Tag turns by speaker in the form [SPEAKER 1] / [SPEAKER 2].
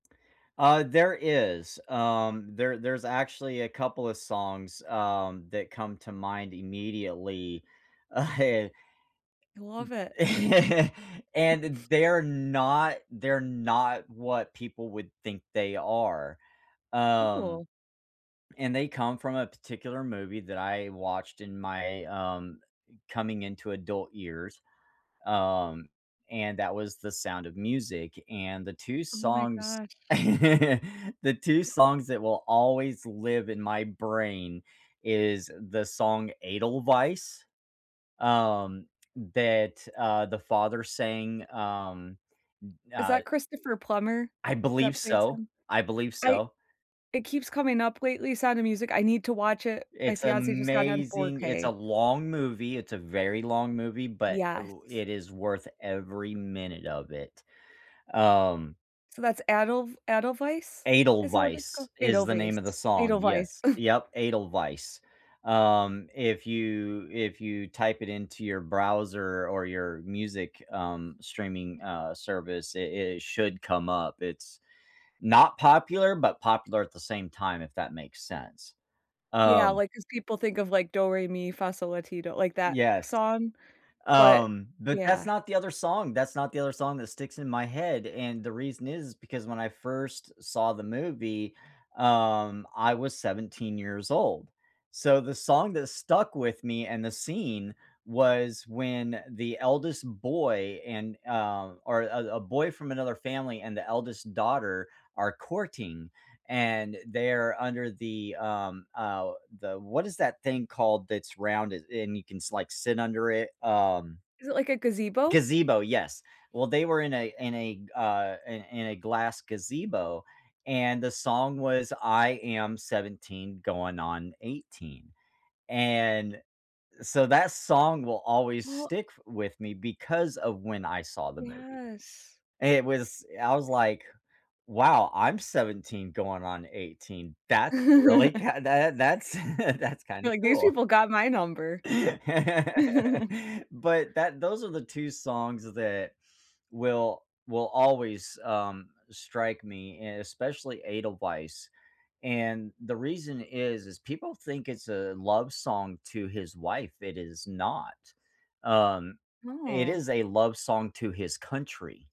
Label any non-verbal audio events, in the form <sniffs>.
[SPEAKER 1] Uh, there is, um, there there's actually a couple of songs, um, that come to mind immediately Eh,
[SPEAKER 2] I love it.
[SPEAKER 1] m <chuckles> and th
[SPEAKER 2] <sniffs>
[SPEAKER 1] they're not they're not what people would think they are, um.
[SPEAKER 2] Ooh.
[SPEAKER 1] And they come from a particular movie that I watched in my, um, coming-into-adult years, um, and that was The Sound of Music, and the 2
[SPEAKER 2] Oh my
[SPEAKER 1] songs
[SPEAKER 2] gosh.
[SPEAKER 1] <laughs> the 2 songs that will always live in my brain is the song Edelweiss, um, that, uh, the father sang, um, n
[SPEAKER 2] Is
[SPEAKER 1] uh.
[SPEAKER 2] that Christopher Plummer
[SPEAKER 1] I believe
[SPEAKER 2] that plays
[SPEAKER 1] so.
[SPEAKER 2] him?
[SPEAKER 1] I believe
[SPEAKER 2] I
[SPEAKER 1] so.
[SPEAKER 2] it keeps coming up lately, Sound of Music. I need to watch it. My
[SPEAKER 1] It's
[SPEAKER 2] fiance just got it on four
[SPEAKER 1] amazing! It's a
[SPEAKER 2] K.
[SPEAKER 1] long movie, it's a very long movie, but it w
[SPEAKER 2] Yes.
[SPEAKER 1] it is worth every minute of it, um
[SPEAKER 2] So that's Adelw Adelweis, is that what it's called?
[SPEAKER 1] Edelweiss is the name of the
[SPEAKER 2] Edelweiss,
[SPEAKER 1] song,
[SPEAKER 2] Edelweiss,
[SPEAKER 1] yes,
[SPEAKER 2] ugh.
[SPEAKER 1] yep, Edelweiss. Um, if you if you type it into your browser or your music, um, streaming, uh, service, it it should come up. It's not popular, but popular at the same time, if that makes sense,
[SPEAKER 2] Yeah,
[SPEAKER 1] um.
[SPEAKER 2] like, 'cause people think of like Do Re Mi Fa So La Ti Do, like, that
[SPEAKER 1] Yes.
[SPEAKER 2] song, but
[SPEAKER 1] Um, but that's
[SPEAKER 2] yeah.
[SPEAKER 1] not the other song that's not the other song that sticks in my head, and the reason is because when I first saw the movie, um, I was 17 years old. So the song that stuck with me and the scene was when the eldest boy and, uh, or a a boy from another family and the eldest daughter are courting, and they're under the, um, uh, the what is that thing called that's rounded and you can like sit under it? Um
[SPEAKER 2] Is it like a gazebo?
[SPEAKER 1] Gazebo, yes. Well, they were in a in a, uh, in in a glass gazebo, and the song was "I am 17 going on 18," and so that song will always
[SPEAKER 2] Well
[SPEAKER 1] stick with me because of when I saw the movie.
[SPEAKER 2] Yes.
[SPEAKER 1] It was I was like, "Wow, I'm 17 going on 18." That's really
[SPEAKER 2] <laughs>
[SPEAKER 1] kinda that's <laughs> that's
[SPEAKER 2] You
[SPEAKER 1] kinda
[SPEAKER 2] were like, "These
[SPEAKER 1] cool.
[SPEAKER 2] people got my number." <chuckles>
[SPEAKER 1] <laughs> But that those are the 2 songs th that will will always, um, strike me and especially Edelweiss, and the reason is is people think it's a love song to his wife. It is not. Um, it
[SPEAKER 2] Oh.
[SPEAKER 1] is a love song to his country.